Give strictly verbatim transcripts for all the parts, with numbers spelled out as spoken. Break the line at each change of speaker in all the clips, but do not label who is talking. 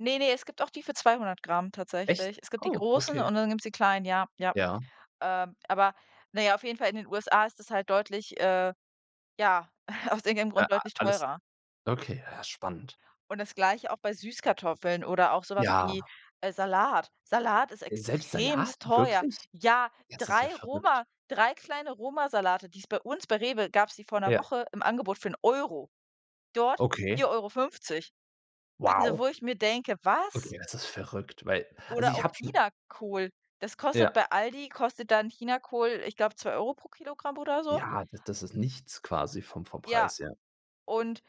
Ne, ne, es gibt auch die für zweihundert Gramm
Echt?
tatsächlich. Es gibt die
Oh,
großen
okay.
und dann gibt's die kleinen, ja, ja.
Ja.
Ähm, aber na ja, auf jeden Fall in den USA ist das halt deutlich, äh ja, aus irgendeinem
Äh,
Grund
ah,
deutlich
alles
teurer.
okay, ja spannend.
Und das Gleiche auch bei Süßkartoffeln oder auch so was
Ja.
wie, äh, Salat. Salat ist
Selbst Salat,
extremst teuer.
wirklich?
Ja,
Das ist ja
drei
verrückt.
Roma drei kleine Romasalate, die es bei uns bei REWE gab's die vor
Ja.
Woche im Angebot für 'n Euro. Dort
Okay.
vier Euro fünfzig. Also
Wow.
wo ich mir denke: „Was?"
Okay, das ist verrückt, weil also
Oder
ich
auch
habe schon
Chinakohl. Das kostet
Ja.
bei ALDI kostet dann Chinakohl, ich glaube, zwei Euro pro Kilogramm oder so.
Ja, das das ist nichts quasi vom vom
Ja,
Preis her.
und,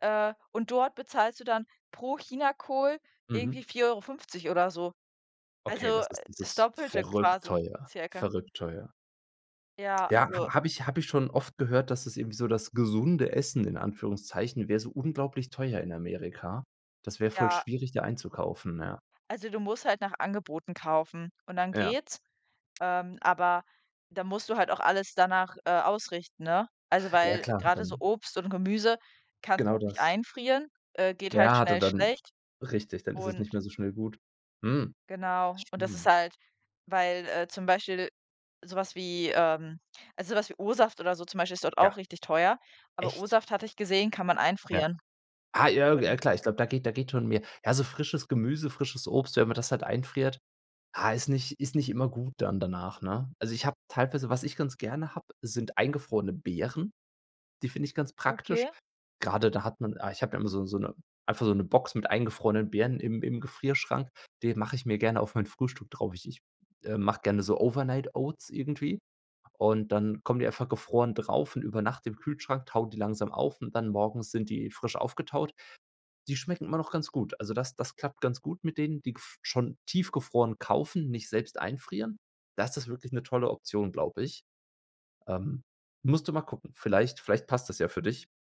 äh und dort bezahlst du dann pro Chinakohl
Mhm.
irgendwie vier Euro fünfzig oder so.
Okay,
Also,
das
äh,
ist
das
dieses
Doppelte
verrückt
quasi
teuer
circa.
verrückt teuer.
Ja,
Ja,
also
ha habe ich habe ich schon oft gehört, dass es irgendwie so das gesunde Essen in Anführungszeichen wäre, so unglaublich teuer in Amerika. Das wäre voll
Ja.
schwierig, da einzukaufen, ja.
Also du musst halt nach Angeboten kaufen und dann
Ja.
geht's. Ähm, aber da musst du halt auch alles danach, äh, ausrichten, ne? Also
Ja,
weil
klar
grade so
dann
Obst und Gemüse kannst du
Genau
auch nicht
das.
einfrieren, äh, geht halt
Ja, da
schnell
dann
schlecht
richtig, dann ist es
und
nicht mehr so schnell gut. Hm. Das
Genau. Und das ist
stimmt.
halt weil, äh, zum Beispiel so was wie, ähm ah, so was wie O-Saft oder so zum Beispiel ist dort auch
Ja.
richtig teuer. Aber
Echt?
O-Saft, hatte ich gesehen, kann man
Ja.
einfrieren.
Ah, [unintelligible] ja
Und
klar, ich glaube, da geht da geht schon mehr. Ja, so frisches Gemüse, frisches Obst, wenn man das halt einfriert, ha, ist nicht ist nicht immer gut dann danach, ne? Also ich habe teilweise was ich ganz gerne habe, sind eingefrorene Beeren. Die finde ich ganz praktisch.
Okay.
Grade da hat man ah, ich habe da immer so so 'ne einfach so 'ne Box mit eingefrorenen Beeren im im Gefrierschrank. Die mache ich mir gerne auf mein Frühstück drauf. Ich ich, äh, mache gerne so Overnight Oats irgendwie. Und dann kommen die einfach gefroren drauf und über Nacht im Kühlschrank, tauen die langsam auf und dann morgens sind die frisch aufgetaut. Die schmecken immer noch ganz gut. Also das das klappt ganz gut mit denen, die gef schon tiefgefroren kaufen, nicht selbst einfrieren. Das ist wirklich 'ne tolle Option, glaube ich. Ähm, musst du mal gucken. Vielleicht vielleicht passt das ja für dich.